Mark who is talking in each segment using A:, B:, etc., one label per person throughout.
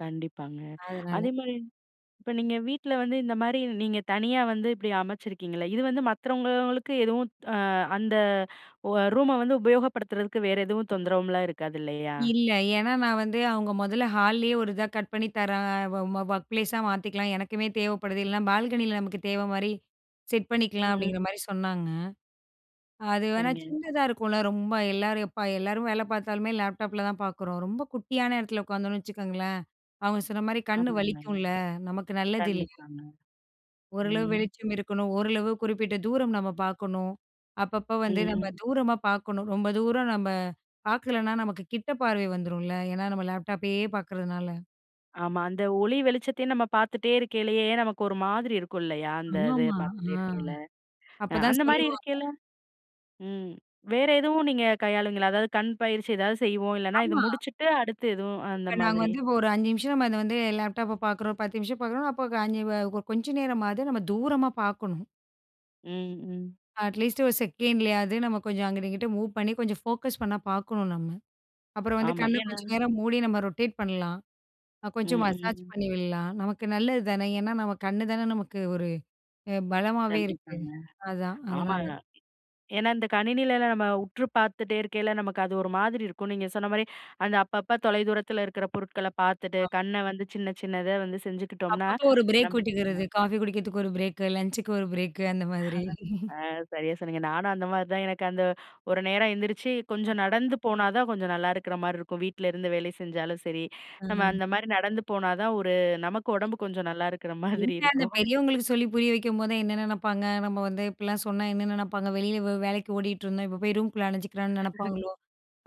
A: கண்டிப்பாங்க.
B: அதனால.
A: அதேமாரி, இப்ப நீங்க வீட்ல வந்து, இந்த மாரி நீங்க தனியா வந்து இப்படி அமைச்சிருக்கீங்கள்ல. இது வந்து மத்தவங்களுக்கு எதுவும் ஆ அந்த ரூமை வந்து உபயோகப்படுத்துறதுக்கு வேறு எதுவும் தொந்தரவும்லாம் இருக்காது, இல்லையா?
B: இல்ல. ஏன்னா, நான் வந்து அவங்க முதல்ல ஹால்லயே ஒரு இதா கட் பண்ணி தரேன், ஒ ஒர்க் ப்ளேஸா மாத்திக்கலாம். எனக்குமே தேவைப்படுது. இல்லைன்னா, பால்கனியில நமக்கு தேவை மாரி செட் பண்ணிக்கலாம்.
A: ம்.
B: அப்டிங்கிற மாரி சொன்னாங்க. அது வேணா,
A: சரிங்க.
B: சின்னதா இருக்கும்ல, ரொம்ப. எல்லாரும் எப்ப, எல்லாரும் வேலை பார்த்தாலுமே, லேப்டாப்பில தான் பார்க்குறோம். ரொம்ப குட்டியான இடத்துல உட்காந்தோம்னு வச்சுக்கோங்களேன். அவுங்க சொன்ன மாரி, கண்
A: ஆமாங்க.
B: வலிக்கும்ல. நமக்கு நல்லது இல்ல.
A: கண்டிப்பாங்க.
B: ஓரளவு
A: ம்.
B: வெளிச்சம் இருக்கணும். ஓரளவு குறிப்பிட்ட தூரம் நம்ம பார்க்கணும். அப்பப்போ வந்து நம்ம
A: ம்.
B: தூரமா பார்க்கணும். ரொம்ப தூரம் நம்ம பார்க்கலன்னா, நமக்கு கிட்ட பார்வை வந்துரும்ல. ஏன்னா, நம்ம லேப்டாப்பையே பார்க்குறதுனால.
A: ஆமா, அந்த ஒளி வெளிச்சத்தையும் நம்ம பார்த்துட்டே இருக்கைலயே, நமக்கு ஒரு மாதிரி இருக்கும், இல்லையா. அந்த இது
B: ஆமா,
A: பார்த்துட்டே
B: ஆ.
A: இருக்கேல.
B: அப்போதான்
A: அந்த மாதிரி
B: சொல்லுவாங்க.
A: இருக்கேல, ம் வேறு எதுவும் நீங்க கையாளவீங்களா? அதாவது கண் பயிற்சி எதாவது செய்வோம், இல்லைன்னா, இதை
B: ஆமா.
A: முடிச்சுட்டு அடுத்து எதுவும், அந்த
B: இப்ப, நாங்க
A: மாதிரி.
B: வந்து ஒரு 5 நிமிஷம், நம்ம அதை வந்து லேப்டாப்பை பார்க்குறோம், 10 நிமிஷம் பார்க்குறோம்னா, அப்போ, க 5 வ கொ கொஞ்ச நேரமாவது நம்ம தூரமா பார்க்கணும்.
A: ம், ம்.
B: அட்லீஸ்ட் 1 செகண்ட்லயாவது, நம்ம கொஞ்சம் அங்கிட்டு, இங்கிட்டு மூவ் பண்ணி கொஞ்சம் ஃபோக்கஸ் பண்ண பார்க்கணும், நம்ம. அப்புறம் வந்து
A: ஆமா,
B: கண்ணை
A: ஏன்னா
B: கொஞ்ச நேரம் மூடி, நம்ம ரொட்டேட் பண்ணலாம், அ
A: ம்,
B: கொஞ்சம் மசாஜ்
A: ம்.
B: பண்ணி விடலாம், நமக்கு நல்லது தானே, ஏன்னா, நம்ம கண்ணு தானே நமக்கு ஒரு அ பலமாவே இருக்கு.
A: கண்டிப்பாங்க.
B: அதான். அதனால.
A: ஆமாங்க. ஏன்னா, இந்த கணினியில எல்லாம் நம்ம உற்று பார்த்துட்டே இருக்கேல, நமக்கு அது ஒரு மாதிரி இருக்கும். நீங்க சொன்ன மாதிரி, அந்த அப்பப்ப தொலை தூரத்தில இருக்கிற பொருட்களை பார்த்துட்டு,
B: ஆமா.
A: கண்ணை வந்து சின்ன, சின்னதா வந்து செஞ்சுக்கிட்டோம்னா,
B: அப்பப்போ, ஒரு பிரேக்
A: நமக்கு நல்லா
B: விட்டுக்கிறது.
A: இருக்கும்.
B: காஃபி குடிக்கிறதுக்கு ஒரு பிரேக். லன்ச்சுக்கு ஒரு பிரேக்கு. அந்த
A: ஆ
B: மாதிரி.
A: சரியா சொன்னீங்க. நானும் அந்த மாதிரி தான். எனக்கு அந்த ஒரு நேரம் எந்திரிச்சி, கொஞ்சம்
B: அஹ்ம்.
A: நடந்து போனா தான், கொஞ்சம் நல்லா இருக்கிற மாரி இருக்கும். வீட்ல இருந்து வேலை செஞ்சாலும் சரி, நம்ம
B: ம்.
A: அந்த மாரி நடந்து போனா தான், ஒரு நமக்கு உடம்பு
B: என்ன,
A: கொஞ்சம் நல்லா இருக்கிற மாதிரி
B: என்ன அந்த
A: இருக்கும்.
B: பெரியவங்களுக்கு சொல்லி புரிய வைக்கும்போதுதான், என்ன நினைப்பாங்க. நம்ம வந்து இப்படிலாம் சொன்னா, என்ன நினைப்பாங்க வெளியில வே வேலைக்கு ஓடிட்ருந்தோம். இப்ப போய் ரூம்குள்ளே அடைஞ்சுக்கிறான்னு நினைப்பாங்களோ,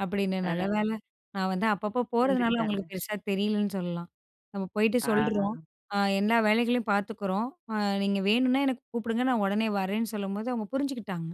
B: அப்படின்னு. நல்ல
A: ஆ.
B: வேலை நான் வந்து அப்பப்போ போறதுனால,
A: புரிஞ்சுகிட்டாங்க.
B: அவங்களுக்கு பெருசா தெரியலன்னு சொல்லலாம். நம்ம போயிட்டு, சொல்றோம்.
A: ஆ.
B: எல்லா வேலைகளையும் பார்த்துக்குறோம். நீங்க வேணுனா, எனக்கு கூப்பிடுங்க. நான் உடனே வரேன்னு சொல்லும்போது, அவங்க புரிஞ்சுக்கிட்டாங்க.